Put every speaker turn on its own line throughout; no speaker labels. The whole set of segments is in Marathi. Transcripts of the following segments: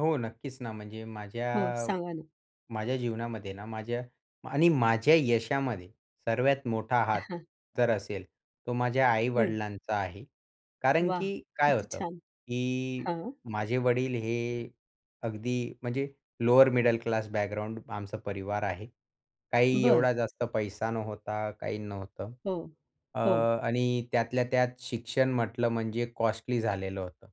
हो नक्कीच ना, म्हणजे
हो.
माझ्या
सांगा ना.
माझ्या जीवनामध्ये ना माझ्या आणि माझ्या यशामध्ये सर्वात मोठा
अ,
हात
हां.
जर असेल तो माझ्या
हं.
आई-वडिलांचा आहे. कारण की
वाह!
काय
किती
होतं
छान.
की
हां.
माझे वडील हे अगदी म्हणजे लोअर मिडल क्लास बॅकग्राऊंड आमचा परिवार आहे. काही
बरं.
एवढा जास्त पैसा नव्हता. काही नव्हतं,
हो.
अ,
हो.
आणि त्यातल्या त्यात शिक्षण म्हटलं म्हणजे कॉस्टली झालेलं होतं.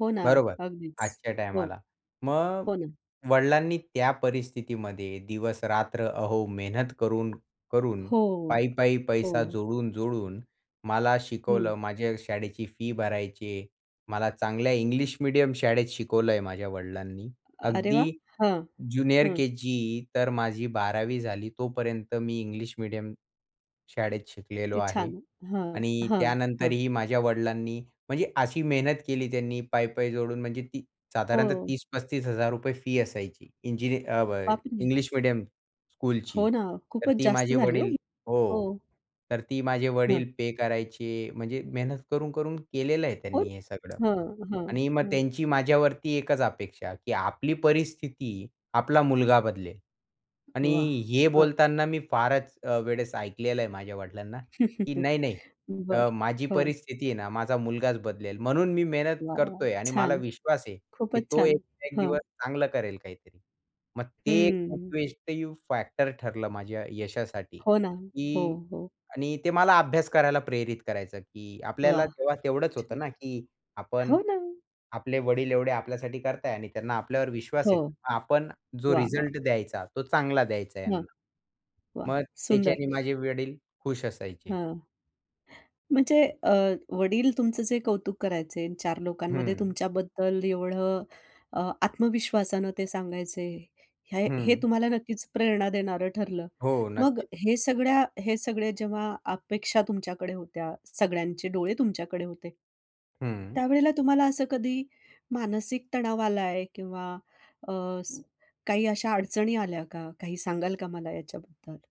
हो ना,
बरोबर.
अगदीच.
आजच्या
हो.
टाईमाला. मग
हो ना.
वडिलांनी त्या परिस्थितीमध्ये दिवसरात्र अहो मेहनत करून करून
हो.
पै-पै पैसा
हो.
जोडून-जोडून मला शिकवलं.
हं.
माझ्या शाळेची फी भरायची आहे. मला चांगल्या इंग्लिश मीडियम शाळेत शिकवलंय. माझ्या वडिलांनी
अरे वाह!
अगदी
हं,
ज्युनियर
हं.
केजी तर माझी 12वी झाली, तोपर्यंत मी इंग्लिश मीडियम शाळेत शिकलेलो
ते
आहे
छान, हं.
आणि
हां, हं.
त्यानंतरही माझ्या वडिलांनी म्हणजे अशी मेहनत केली, त्यांनी पै-पै जोडून म्हणजे ती साधारणतः
हो.
₹30,000 - ₹35,000 फी असायची इंजिनि अब
[unintelligible]
इंग्लिश मीडियम स्कूलची.
हो ना,
तर
खूपच
ती
जास्त
माझे
झाली हो
वडील
ही. हो.
हो, तर ती माझे वडील
हं.
पे करायचे. म्हणजे मेहनत करून-करून केलेलं आहे
कोण?
त्यांनी हे सगळं.
हं, हं,
आणि मग
हं.
त्यांची माझ्यावरती एकच अपेक्षा की आपली परिस्थिती आपला मुलगा बदलेल. आणि
वाह!
हे
हं.
बोलताना मी फारच अ, वेळेस ऐकलेलं आहे माझ्या वडिलांना की नाही-नाही
बरं.
अ, माझी
हो.
परिस्थिती आहे ना माझा मुलगाच बदलेल. म्हणून मी मेहनत
वाह, वाह!
करतोय आणि मला
छान.
विश्वास आहे की
खूपच
तो
छान.
एक-एक
हां.
दिवस चांगलं करेल काहीतरी. मग ते एक
हं.
[unintelligible] फॅक्टर ठरलं माझ्या यशासाठी
हो ना, हो,
की
हो.
आणि ते मला अभ्यास करायला प्रेरित करायचं की आपल्याला
वाह!
तेव्हा तेवढंच होतं ना, की आपण
हो ना.
आपले वडील एवढे आपल्यासाठी करताय आणि त्यांना आपल्यावर विश्वास
हो.
आहे. आपण जो
वाह, वाह!
रिझल्ट द्यायचा तो चांगला द्यायचा
हां.
यांना.
वाह!
मग
सुंदर.
त्याच्याने माझे वडील खुश असायचे.
हं. म्हणजे अ, वडील तुमचं जे कौतुक करायचे. चार लोकांमध्ये
हं.
तुमच्याबद्दल एवढं अ, आत्मविश्वासानं ते सांगायचे. हे हे
हं.
तुम्हाला नक्कीच प्रेरणा देणारं ठरलं.
हो,
मग
नक्कीच.
हे सगळ्या हे सगळे जेव्हा अपेक्षा तुमच्याकडे होत्या, सगळ्यांचे डोळे तुमच्याकडे होते.
हं.
त्यावेळेला तुम्हाला असं कधी मानसिक तणाव आलाय किंवा अ, स काही अशा अडचणी आल्या का? काही सांगाल का मला याच्याबद्दल?